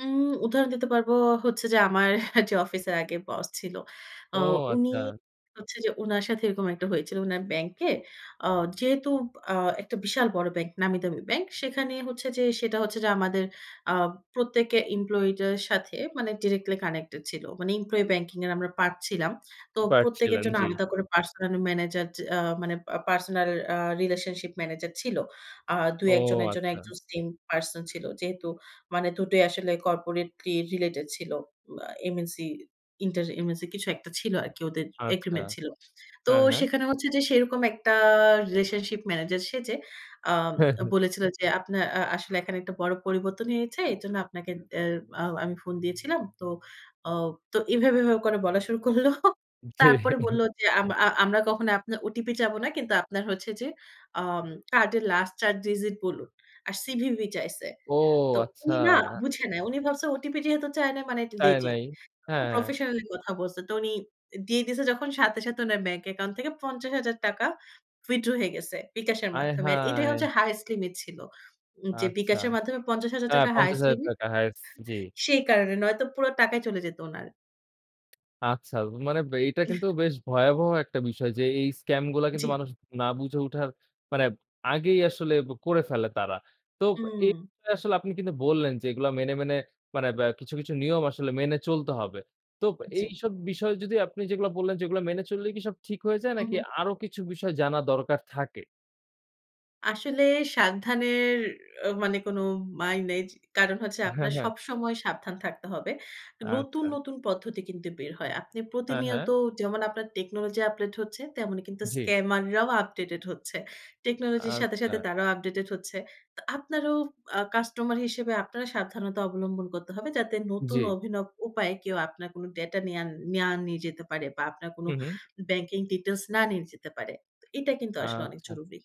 উম উদাহরণ দিতে পারবো হচ্ছে যে, আমার যে অফিসের আগে বস ছিল, আ ও উনি আচ্ছা। হচ্ছে যে উনার সাথে এরকম একটা হয়েছিল। উনার ব্যাংকে আ যেহেতু আ একটা বিশাল বড় ব্যাংক, নামি দামি ব্যাংক, সেখানে হচ্ছে যে সেটা হচ্ছে যে আমাদের আ প্রত্যেকে এমপ্লয়িদের সাথে মানে ডিরেক্টলি কানেক্টেড ছিল, মানে এমপ্লয়ি ব্যাংকিং এর আমরা পার্ট পাচ্ছিলাম। তো প্রত্যেকের পারছিলেন, জন্য জি। আলাদা করে পার্সোনাল ম্যানেজার, যে আ মানে পা পার্সোনাল আ রিলেশনশিপ ম্যানেজার ছিল। আ ও ২-১ জনের জন্য আচ্ছা। ১ জন সেম পারসন ছিল। যেহেতু মানে দুটোই আসলে কর্পোরেটলি রিলেটেড ছিল। আ এমএনসি ইন্টারএমএসি কিছু একটা ছিল আরকি ওদের আচ্ছা। এগ্রিমেন্ট ছিল। তো হ্যাঁ, হ্যাঁ। সেখানে হচ্ছে যে সেরকম একটা রিলেশনশিপ ম্যানেজার সেজে আম হ্যাঁ, হ্যাঁ। বলেছিল যে আপনার আ আসলে এখানে একটা বড় পরিবর্তন হয়েছে। এরজন্য আপনাকে অ্যা আ আমি ফোন দিয়েছিলাম। তো অ তো এভাবে, এভাবে করে বলা শুরু করল। জি। তারপরে বলল যে আম আ আমরা কখনো আপনার ওটিপি চাইবো না। কিন্তু আপনার হচ্ছে যে আম কার্ডের লাস্ট ৪ ডিজিট বলুন আর সিভিভি চাইছে। ও তো আচ্ছা। উনি না, বুঝে নাই, উনি ভাবছে ওটিপি যেহেতু চায় নাই মানে এটা তাই লেজিট, নাই। হ্যাঁ, খুব হ্যাঁ। প্রফেশনালি কথা বলছে, তো উনি অ্যা দিয়ে দিয়েছে যখন। সাথে, সাথে উনার ব্যাংক অ্যাকাউন্ট থেকে ৳৫০,০০০ উইথড্র হয়ে গেছে বিকাশের আয় মাধ্যমে। আর এটাই হায়! হচ্ছে হাইয়েস্ট লিমিট ছিল। উম যে আচ্ছা। বিকাশের মাধ্যমে পঞ্চাশ হাজার হ্যাঁ, টাকা পঞ্চাশ হাইয়েস্ট হাজার লিমিট টাকা হাইয়েস্ট জি। সেই কারণে, নয়তো পুরা টাকাই চলে যেত উনার। আচ্ছা, মানে ব্যা এইটা কিন্তু বেশ ভয়াবহ একটা বিষয় যে এই স্ক্যামগুলা জি। কিন্তু মানুষ না বুঝে উঠার, মানে আগেই আসলে ব করে ফেলে তারা। তো এই উম। বিষয়ে আসলে আপনি কিন্তু বললেন যে এগুলা মেনে, মেনে মানে ব্যা কিছু, কিছু নিয়ম আসলে মেনে চলতে হবে। তো জি। এইসব বিষয় যদি আপনি যেগুলা বললেন, যেগুলা মেনে চললেই কি সব ঠিক হয়ে যায়? নাকি উহু। আরো কিছু বিষয় জানা দরকার থাকে? আসলে সাবধানের আ মানে কোনো মাইর নেই। জি, কারণ হচ্ছে হ্যাঁ, আপনার হ্যাঁ। সবসময় সাবধান থাকতে হবে। নতুন, আচ্ছা। নতুন পদ্ধতি কিন্তু বের হয়। আপনি হ্যাঁ, হ্যাঁ। প্রতিনিয়ত যেমন আপনার টেকনোলজি আপডেট হচ্ছে, তেমনি কিন্তু জি। স্ক্যামাররাও আপডেটেড হচ্ছে। টেকনোলজির সাথে, আচ্ছা। সাথে তারাও আপডেটেড হচ্ছে। তো আপনারও আ কাস্টমার হিসেবে আপনারও সাবধানতা অবলম্বন করতে হবে, যাতে নতুন জি। অভিনব উপায়ে কেউ আপনার কোনো ডেটা নেয়া নেয়ার নিয়ে যেতে পারে বা আপনার কোনো হু, হু। ব্যাংকিং ডিটেইলস না নিয়ে যেতে না পারে। তো এটা কিন্তু আসলে অনেক আচ্ছা। জরুরি।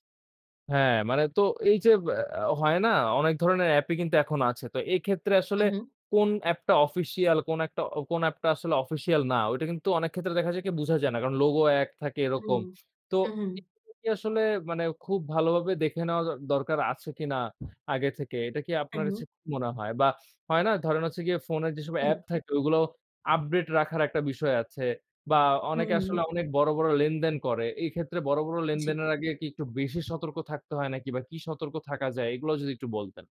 হ্যাঁ, মানে তো এই যে আ আ হয় না? অনেক ধরনের অ্যাপই কিন্তু এখন আছে। তো এইক্ষেত্রে হু, আসলে হু কোন অ্যাপটা অফিসিয়াল, কোন একটা অ কোন অ্যাপটা আসলে অফিসিয়াল না, ওইটা কিন্তু অনেক ক্ষেত্রে দেখা যায় কি বুঝা যায় না কারণ লোগো এক থাকে এরকম। হুম। তো উহু। এগুলো কি আসলে মানে খুব ভালোভাবে দেখে নেওয়া দ দরকার আছে কিনা আগে থেকে, এটা কি আপনার উহু। হচ্ছে কি মনে হয়? বা হয় না, ধরেন হচ্ছে গিয়ে ফোনে যেসব অ্যাপ হুম। থাকে ওইগুলো আপডেট রাখার একটা বিষয় আছে বা হু, অনেকে হুম। আসলে অনেক বড়, বড় লেনদেন করে। এইক্ষেত্রে বড়, বড় জি। লেনদেনের আগে কি একটু বেশি সতর্ক থাকতে হয় নাকি বা কি সতর্ক থাকা যায় এগুলাও যদি একটু বলতেন।